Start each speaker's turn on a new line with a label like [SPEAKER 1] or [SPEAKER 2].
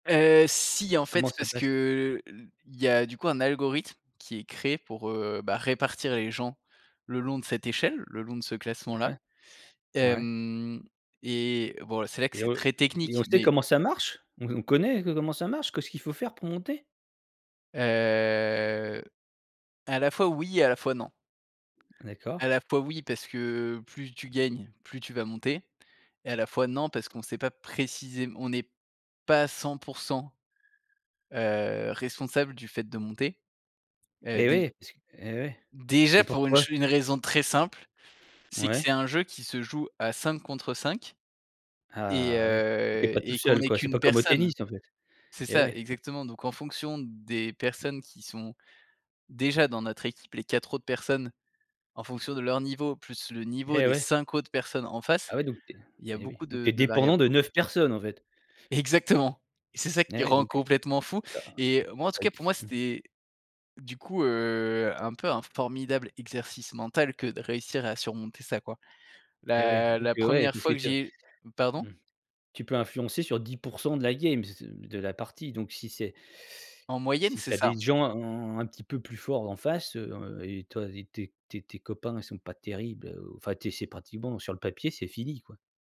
[SPEAKER 1] Heu, si en
[SPEAKER 2] Comment
[SPEAKER 1] fait
[SPEAKER 2] ça
[SPEAKER 1] parce
[SPEAKER 2] passe?
[SPEAKER 1] que, heu, l il y a du coup un algorithme qui est créé pour, heu, bah, répartir les gens le long de cette échelle, le long de ce classement-là.
[SPEAKER 2] Ouais. Ouais.
[SPEAKER 1] Hem, et bon là, c'est là que
[SPEAKER 2] Et
[SPEAKER 1] c'est
[SPEAKER 2] re
[SPEAKER 1] très
[SPEAKER 2] et et on
[SPEAKER 1] technique
[SPEAKER 2] sait
[SPEAKER 1] mais
[SPEAKER 2] comment ça marche? On on connaît co comment ça marche? Qu'est-ce qu'il faut faire pour monter?
[SPEAKER 1] Heu, à la fois oui et à la fois non.
[SPEAKER 2] D'accord.
[SPEAKER 1] À la fois oui, parce que plus tu gagnes, plus tu vas monter et à la fois non parce qu'on sait pas précisém on n'est pas à 100 % heu, responsable du fait de monter, heu,
[SPEAKER 2] Et
[SPEAKER 1] déj
[SPEAKER 2] oui parce que et oui, et
[SPEAKER 1] déjà pour une
[SPEAKER 2] pourquoi?
[SPEAKER 1] ch une raison très simple, c'est que c'est
[SPEAKER 2] Ouais.
[SPEAKER 1] un jeu qui se joue à 5 contre 5 et
[SPEAKER 2] Ah oui. Puis tu es
[SPEAKER 1] heu,
[SPEAKER 2] pas tout
[SPEAKER 1] et qu'on
[SPEAKER 2] seul
[SPEAKER 1] est
[SPEAKER 2] quoi, c'est pas
[SPEAKER 1] qu'1
[SPEAKER 2] comme au
[SPEAKER 1] personne.
[SPEAKER 2] tennis en fait?
[SPEAKER 1] C'est
[SPEAKER 2] Et
[SPEAKER 1] ça,
[SPEAKER 2] ouais et p
[SPEAKER 1] exactement, donc en fonction des personnes qui sont déjà dans notre équipe, les 4 autres personnes en fonction de leur niveau, plus le niveau
[SPEAKER 2] Et
[SPEAKER 1] des
[SPEAKER 2] ouais.
[SPEAKER 1] 5 autres personnes en face,
[SPEAKER 2] Ah ouais, donc tu es
[SPEAKER 1] il y a
[SPEAKER 2] et oui.
[SPEAKER 1] beaucoup
[SPEAKER 2] Donc tu
[SPEAKER 1] de
[SPEAKER 2] es
[SPEAKER 1] de
[SPEAKER 2] dépendant
[SPEAKER 1] variables.
[SPEAKER 2] de 9 personnes en fait?
[SPEAKER 1] Exactement et c'est ça
[SPEAKER 2] Et
[SPEAKER 1] qui
[SPEAKER 2] ouais
[SPEAKER 1] rend
[SPEAKER 2] donc, heu,
[SPEAKER 1] complètement fou
[SPEAKER 2] tu as un
[SPEAKER 1] et moi, en tout
[SPEAKER 2] ouais
[SPEAKER 1] cas pour
[SPEAKER 2] f
[SPEAKER 1] moi,
[SPEAKER 2] mmh.
[SPEAKER 1] c'était du coup, heu, un peu un formidable exercice mental que de réussir à surmonter ça quoi.
[SPEAKER 2] Et ouais
[SPEAKER 1] La
[SPEAKER 2] donc,
[SPEAKER 1] la
[SPEAKER 2] heu, ouais,
[SPEAKER 1] 1re
[SPEAKER 2] parce tu
[SPEAKER 1] fois que
[SPEAKER 2] es, heu
[SPEAKER 1] j'ai
[SPEAKER 2] mmh.
[SPEAKER 1] pardon?
[SPEAKER 2] Tu peux influencer sur 10 % de la game, s de la partie donc si c'est
[SPEAKER 1] En moyenne
[SPEAKER 2] si tu
[SPEAKER 1] c'est
[SPEAKER 2] as des
[SPEAKER 1] ça.
[SPEAKER 2] gens un un petit peu plus fort en face, heu et toi et tes tes tes copains ils sont pas terribles, heu, ou, enfin tes c'est pratiquement sur le papier c'est fini quoi?